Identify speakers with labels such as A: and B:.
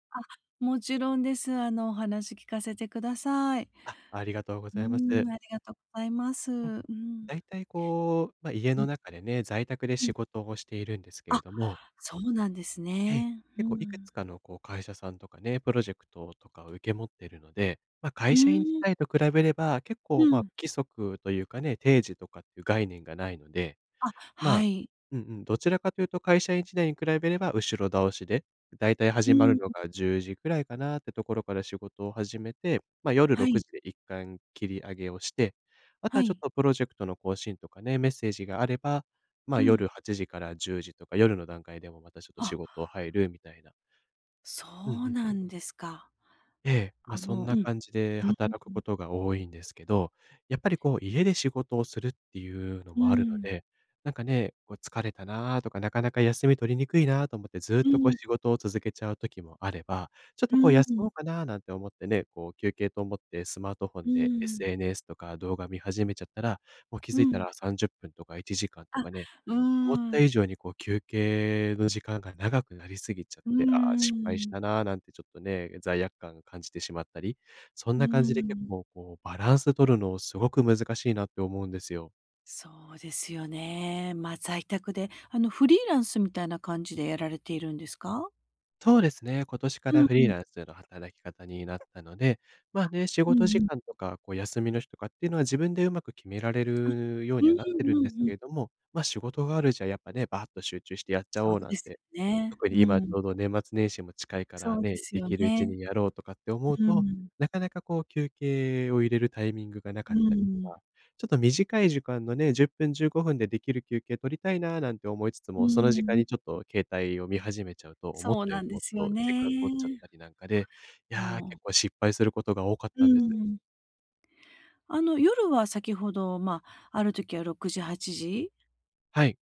A: あ、もちろんです。あの、お話聞かせてください。
B: あ、ありがとうご
A: う
B: ざいます。
A: ーん、ありがとございます。
B: うん、
A: うん。
B: 大体、こう、ま、家
A: う
B: の
A: ん。
B: 中でね、在宅で
A: う
B: 仕
A: ん。
B: 事をしているんですけ
A: あ、
B: れども。
A: そうなんです
B: ええ、
A: ね。う
B: 結構いく
A: ん。
B: つかの、こう、会社さんとかね、プロジェクトをとかを受け持ってるので、ま、
A: う
B: 会社員時
A: ーん。
B: 代と比べれば結
A: う
B: 構、ま、不
A: ん。
B: 規則というかね、定時とかっていう概念がないので。
A: あ、は
B: ま、
A: い。
B: うんうん、どちらかというと会社員時代に比べれば後ろ倒しで、大体
A: う
B: 始ま
A: ん、
B: る
A: ん。
B: のが10時くらいかなっていうところから仕事を始めて、ま、夜ろ
A: は
B: く
A: い。
B: じでいったん切り上げをして、あと
A: は
B: はちょっ
A: い。
B: とプロジェクトの更新とかね、メッセージがあれば、ま、
A: うん。
B: 夜8時から10時とか、夜の段階でも、またちょっと仕
A: あ。
B: 事入るみたいな。
A: そ
B: うんう
A: う
B: ん。
A: なんですか。
B: ええ、ま、
A: あ
B: そん
A: の、う
B: な
A: ん。
B: 感じで
A: うんうん
B: 働く
A: う
B: こ
A: ん。
B: とが多いんですけど。やっぱり、こう、家で仕事をするっていうの
A: うー
B: もあるの
A: ん。
B: で、なんかね、こう疲れたなとか、なかなか休み取りにくいなと思って、ずっ
A: うん
B: と、こう、
A: うん。
B: 仕事を続けちゃう時もあれば、ちょっ
A: う
B: と、
A: ー
B: こう、
A: ん、
B: 休
A: う
B: も
A: ん。
B: うかななんて思ってね、こう休憩と思ってスマートフォ
A: う
B: ン
A: ー
B: で、
A: ん。
B: SNS とか動画見始めちゃったら、もう気
A: う
B: づいた
A: ん。
B: ら30分とか1時間と
A: あ、
B: かね。
A: う
B: 思っ
A: ー
B: た
A: ん。
B: 以上にこう、休憩の時間が長くなりすぎちゃっ
A: うー
B: て、ああ、失敗した
A: ん。
B: な、なんてちょっとね、罪悪感感じてしまったり。そん
A: うー
B: な感じで、結
A: ん。
B: 構、こう、バランス取るのを、すごく難しいなって思うんですよ。
A: そうですよね。ま、在宅で、あの、フリーランスみたいな感じでやられているんですか？
B: そうですね。今年か
A: う
B: らフリ
A: ん、う
B: ー
A: ん。
B: ランスの働き方になったので。ま、
A: あ、
B: ね、仕
A: う
B: 事
A: ん
B: 時
A: うん。
B: 間とか、こう、休みの日とかっていうのは自分で上手く決められ
A: あ、
B: るよう
A: うー
B: にはなってる
A: ん、う
B: んです
A: んう
B: け
A: ん。
B: れども、ま、仕事があるじゃ、やっぱね、バーッと集中してやっちゃ
A: そう
B: おうな
A: で
B: ん
A: す
B: て。
A: よね。
B: 特
A: う
B: に今ち
A: ん。
B: ょうど、年末年始も近いから
A: そうで
B: ね、
A: す
B: で
A: よ
B: きるうち
A: ね。
B: にやろうとかって思う
A: う
B: と、
A: ん。
B: なかなか、こう、休憩を入れるタイミングがなか
A: う
B: っ
A: んう
B: たりと
A: ん。
B: か。ちょっと短い時間のね、10分、15分でできる休憩取りたいな、なんて思いつつ
A: う
B: も、そ
A: ん
B: の
A: う
B: 時
A: ん、
B: 間
A: う
B: に
A: ん。
B: ちょっと携帯を見始めちゃうと、思っ
A: そう
B: たよ
A: な
B: り
A: んで
B: もっ
A: すよ
B: と時
A: ね。
B: 間取っちゃったりなんかで、いや、
A: もう。
B: 結構失敗することが多かっ
A: う
B: たんです。
A: ん。あの、夜は先ほど、ま、あるときは6時、8時？
B: はい。